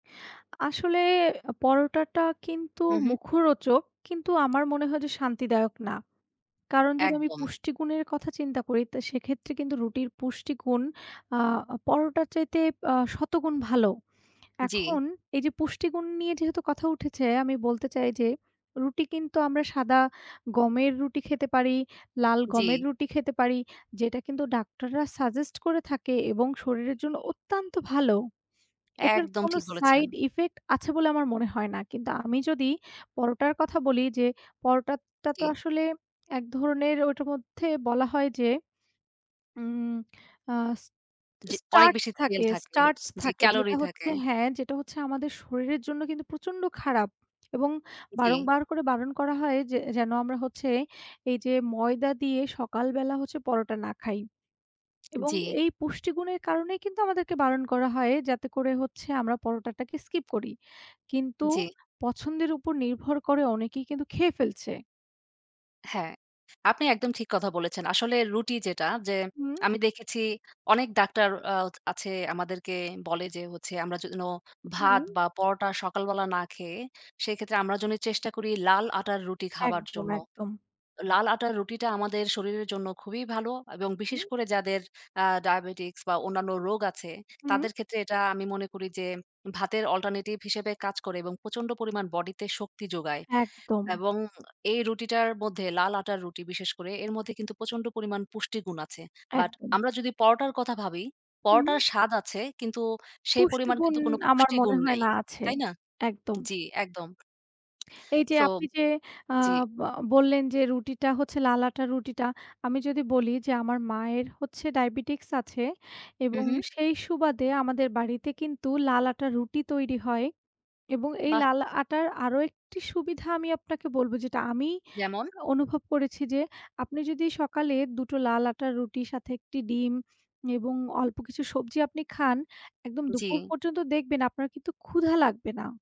আসলে পরোটাটা কিন্তু হুম, হুম। মুখরোচক, কিন্তু আমার মনে হয় যে শান্তিদায়ক না। কারণ যদি আমি একদম। পুষ্টিগুণের কথা চিন্তা করি, তো সেক্ষেত্রে কিন্তু রুটির পুষ্টিগুণ। আ পরোটার চাইতে আ শতগুণ ভালো। জি। এখন এই যে পুষ্টিগুণ নিয়ে যেহেতু কথা উঠেছে, আমি বলতে চাই যে রুটি কিন্তু আমরা সাদা গমের রুটি খেতে পারি, লাল গমের জি। রুটি খেতে পারি যেটা কিন্তু ডাক্তাররা suggest করে থাকেন এবং শরীরের জন্য অত্যন্ত ভালো। এটার একদম কোনো ঠিক বলেছেন। side effect আছে বলে আমার মনে হয় না। কিন্তু আমি যদি পরোটার কথা বলি, যে পরোটাটা তো জি। আসলে এক ধরনের ওটার মধ্যে বলা হয় যে। উম আহ স জি, অনেক স্টার্চ বেশি তেল থাকে থাকে। স্টার্চ জি, থাকে ক্যালোরি যেটা থাকে। হচ্ছে হ্যাঁ, যেটা হচ্ছে আমাদের শরীরের জন্য কিন্তু প্রচণ্ড খারাপ, এবং জি। বারংবার করে বারণ করা হয় যে যেন আমরা হচ্ছে এই যে ময়দা দিয়ে সকালবেলা হচ্ছে পরোটা না খাই। এবং জি। এই পুষ্টিগুণের কারণেই কিন্তু আমাদেরকে বারণ করা হয় যাতে করে হচ্ছে আমরা পরোটাটাকে skip করি। কিন্তু জি। পছন্দের উপর নির্ভর করে অনেকেই কিন্তু খেয়ে ফেলছে। হ্যাঁ, আপনি একদম ঠিক কথা বলেছেন। আসলে রুটি যেটা, যে হুম। আমি দেখেছি অনেক ডাক্তার আ আছে, আমাদেরকে বলে যে হচ্ছে আমরা যেন ভাত হুম। বা পরোটা সকালবেলা না খেয়ে, সেক্ষেত্রে আমরা যেন চেষ্টা করি লাল আটার রুটি খাবার একদম, জন্য। একদম। লাল আটার রুটিটা আমাদের শরীরের জন্য খুবই ভালো, এবং বিশেষ হুম। করে যাদের আ diabetics বা অন্যান্য রোগ আছে, হুম। তাদের ক্ষেত্রে এটা আমি মনে করি যে ভাতের alternative হিসেবে কাজ করে এবং প্রচন্ড পরিমাণ বডিতে শক্তি যোগায়। একদম। এবং এই রুটিটার মধ্যে, লাল আটার রুটি বিশেষ করে, এর মধ্যে কিন্তু প্রচন্ড পরিমাণ পুষ্টি গুণ আছে but একদম। আমরা যদি পরোটার কথা ভাবি, হুম। পরোটার স্বাদ আছে, কিন্তু সেই পরিমাণ পুষ্টিগুণ কিন্তু কোন আমার মনে পুষ্টিগুণ হয় নাই। না আছে। তাই না? একদম। জি, একদম। এই যে So আপনি যে আ জি। বা বললেন যে রুটিটা হচ্ছে লাল আটার রুটিটা আমি যদি বলি যে আমার মায়ের হচ্ছে Diabetics আছে হুম, এবং হুম। সেই সুবাদে আমাদের বাড়িতে কিন্তু লাল আটার রুটি তৈরি হয়। এবং এই বাহ! লাল আটার আরো একটি সুবিধা আমি আপনাকে বলব যেটা আমি যেমন? অনুভব করেছি যে আপনি যদি সকালে দুটো লাল আটার রুটির সাথে একটি ডিম এবং অল্প কিছু সবজি আপনি খান, একদম দুপুর জি। পর্যন্ত দেখবেন আপনার কিন্তু ক্ষুধা লাগবে না।